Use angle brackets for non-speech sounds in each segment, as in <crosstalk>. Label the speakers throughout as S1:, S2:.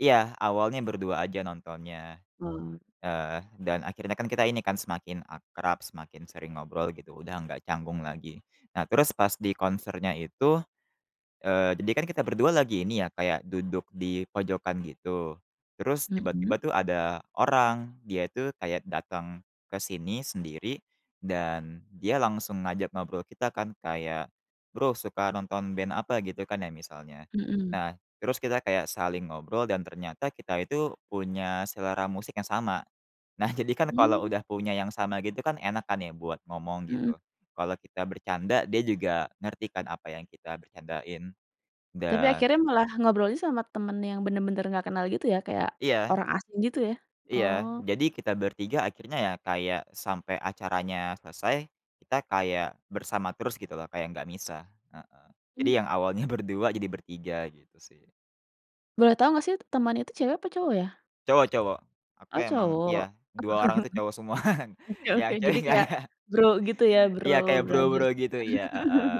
S1: Iya, awalnya berdua aja nontonnya.
S2: Oh.
S1: Eh, dan akhirnya kan kita ini kan semakin akrab, semakin sering ngobrol gitu, udah nggak canggung lagi. Nah, terus pas di konsernya itu eee, jadi kan kita berdua lagi ini ya, kayak duduk dipojokan gitu, terus tiba-tiba
S2: Mhm?
S1: tuh ada orang, dia itu kayak datang ke sini sendiri, dan dia langsung ngajak ngobrol kita kan kayak, "Bro, suka nonton band apa?" Gitu kan ya, misalnya.
S2: Mhm.
S1: Nah, terus kita kayak saling ngobrol, dan ternyata kita itu punya selera musik yang sama. Nah, jadikan kalau
S2: Mmm.
S1: udah punya yang sama gitu kan enak kan ya buat ngomong, gitu.
S2: Heeh.
S1: Kalau kita bercanda dia juga ngerti kan apa yang kita bercandain.
S2: Tapi
S1: Dan
S2: akhirnya malah ngobrolnya sama temen yang bener-bener nggak kenal gitu, ya? Kayak
S1: Iya.
S2: orang asing gitu, ya?
S1: Iya.
S2: Oh.
S1: Jadi, kita bertiga akhirnya ya kayak sampai acaranya selesai, kita kayak bersama terus gitu loh, kayak nggak misah, heeh. Jadi, yang
S2: Mmm.
S1: awalnya berdua, jadi bertiga, gitu sih.
S2: Boleh tau nggak sih, temannya itu cewek apa cowok, ya?
S1: Cowok cowok. Aku
S2: Oh,
S1: emang
S2: cowok?
S1: iya, 2 orang itu cowok semua, <chuckles>
S2: <chuckles> Oke oke,
S1: yang cewek
S2: jadi
S1: nggak
S2: kayak
S1: ada.
S2: Bro gitu, ya? Bro-
S1: Iya, kayak Bro
S2: brothers.
S1: Bro, gitu, iya, heeh.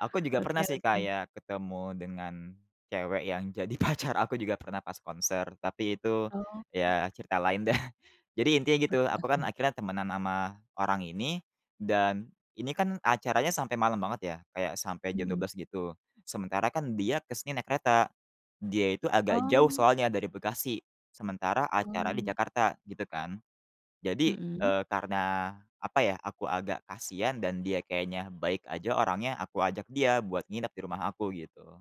S1: Aku
S2: <chuckles>
S1: juga
S2: Oke
S1: pernah sih
S2: oke.
S1: kayak ketemu dengan cewek yang jadi pacar aku juga pernah pas konser, tapi itu
S2: Oh.
S1: ya cerita lain deh. Jadi, intinya gitu,
S2: Oke
S1: aku kan
S2: oke.
S1: akhirnya temenan sama orang ini, dan ini kan acaranya sampai malam banget ya, kayak sampai jam dua
S2: Mhm.
S1: belas gitu, sementara kan dia ke sini naik kereta. Dia itu agak jauh
S2: Oh.
S1: soalnya, dari Bekasi, sementara acaranya di
S2: Mmm.
S1: Jakarta gitu kan. Jadi,
S2: Mhm?
S1: eee, karena, apa ya, aku agak kasihan, dan dia kayaknya baik aja orangnya, aku ajak dia buat nginep di rumah aku, gitu.